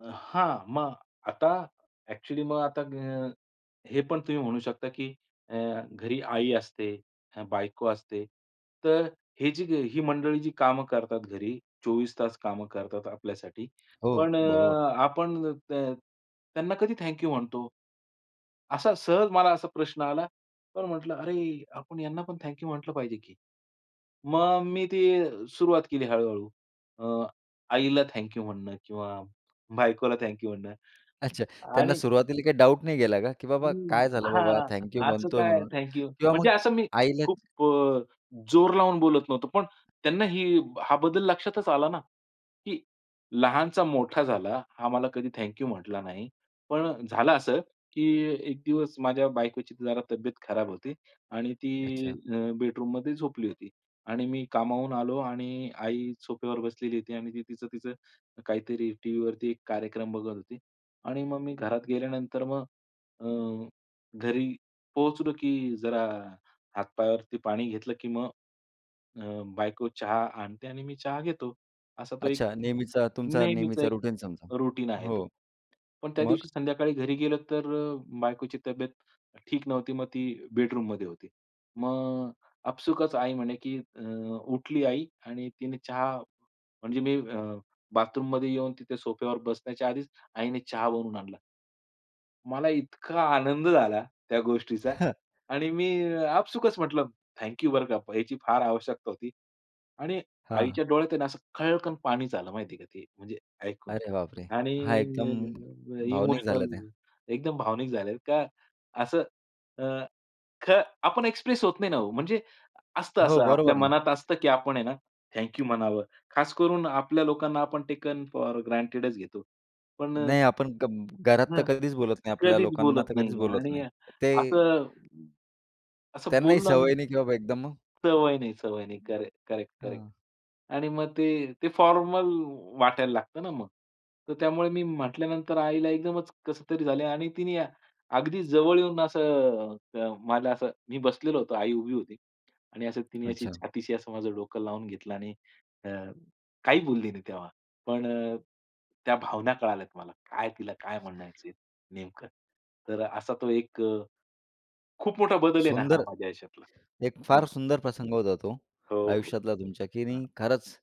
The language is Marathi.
अ, हां. मग आता ॲक्चुअली मग आता अ, हे पण तुम्ही म्हणू शकता की अ, घरी आई असते, बायको असते. तर अ, ही जी ही मंडळी जी कामं करतात घरी, 24 तास कामं करतात आपल्यासाठी. हो, पण अ, बरोबर. आपण त त्यांना कधी थँक यू म्हणतो? असा सहज मला असा प्रश्न आला. पण म्हटलं, "अरे, आपण यांना पण थँक यू म्हंटलं पाहिजे की." मग मी ती सुरुवात केली हळू-हळू. अ, आईला थँक यू म्हणणं किंवा बायकोला थँक यू म्हणणं. अच्छा. त्यांना आणि सुरुवातीला काही डाउट नाही गेला का, की बाबा हं. काय झालं बाबा? हां. थँक यू असं म्हणतोय काय आहे म्हणून थँक यू? किंवा म्हणजे मग असं मी आईला खूप अ, जोर लावून बोलत नव्हतो. पण त्यांना हे हा बदल लक्षातच आला ना, की लहानचा मोठा झाला, हा मला कधी थँक यू म्हटला नाही. पण झालं असं, की एक दिवस माझ्या बायकोची जरा तब्येत खराब होती आणि ती अच्छा. अ, बेडरूममध्ये झोपली होती. आणि मी कामावरून आलो आणि आई सोफ्यावर बसलेली होती आणि तिचं-तिचं काहीतरी टीव्हीवरती एक कार्यक्रम बघत होती. आणि मग मी घरात गेल्यानंतर मग अ, घरी पोहोचलो की जरा हात पायावरती पाणी घेतलं, की मग अ, बायको चहा आणते आणि मी चहा घेतो. असा तो एक अच्छा. नेहमीचा तुमचा नेहमीच नेहमीचा एक रुटीन समजा. रुटीन आहे तो. हो. पण त्या मग? दिवशी संध्याकाळी घरी गेलो, तर अ, बायकोची तब्येत ठीक नव्हती. मग ती बेडरूममध्ये होती. मग आपसूकच आई म्हणे की अ, उठली आई आणि तिने चहा म्हणजे मी अ, बाथरूममध्ये येऊन तिथे सोफ्यावर बसण्याच्या आधीच आईने चहा बनवून आणला. मला इतका आनंद झाला त्या गोष्टीचा. आणि मी आपसूकच म्हटलं, "थँक यू बरं का, ह्याची फार आवश्यकता होती." आणि हां. आईच्या डोळ्यात आहे ना असं खळकन पाणीच आलं माहिती आहे का ते म्हणजे ऐकून. अरे बाप रे! आणि हा, एकदम अ, भावनिक झाल्या इमोशनल त्या. एकदम भावनिक झाले का असं अ, ख आपण एक्सप्रेस होत नाही ना हो. म्हणजे असतं हो. असं आपल्या बरोबर ना. मनात असतं की आपण आहे ना थँक यू म्हणावं. खास करून आपल्या लोकांना आपण टेकन फॉर ग्रँटेडच घेतो. पण अ नाही, आपण गप्प घरात तर हं. कधीच बोलत नाही. आपल्या कधीच लोकांना बोलत तर कधीच नाहीये बोलत आणि नाही. ते असं, असं त्यांनाही बोलला ना सवय नाही की बाबा एकदम सवय नाही, सवय नाही. [unintelligible] Correct, correct, correct. हां. आणि मग ते ते फॉर्मल वाटायला लागतं ना मग. तर त्यामुळे मी म्हटल्यानंतर आईला एकदमच कसं तरी झालंय आणि तिने अगदी जवळ येऊन असं अ, मला असं मी बसलेलो होतो. आई उभी होती. आणि असं तिने अशी अच्छा. छातीशी असं माझं डोकं लावून घेतलं आणि अ, काही बोलली नाही तेव्हा. पण अ, त्या भावना कळाल्यात मला. काय तिला काय म्हणायचंय नेमकं. तर असा तो एक अ, खूप मोठा बदल आहे ना हा सुंदर. माझ्या आयुष्यातला. एक फार हं. सुंदर प्रसंग होता तो हो, हो. आयुष्यातला तुमच्या, की हां. नाही खरंच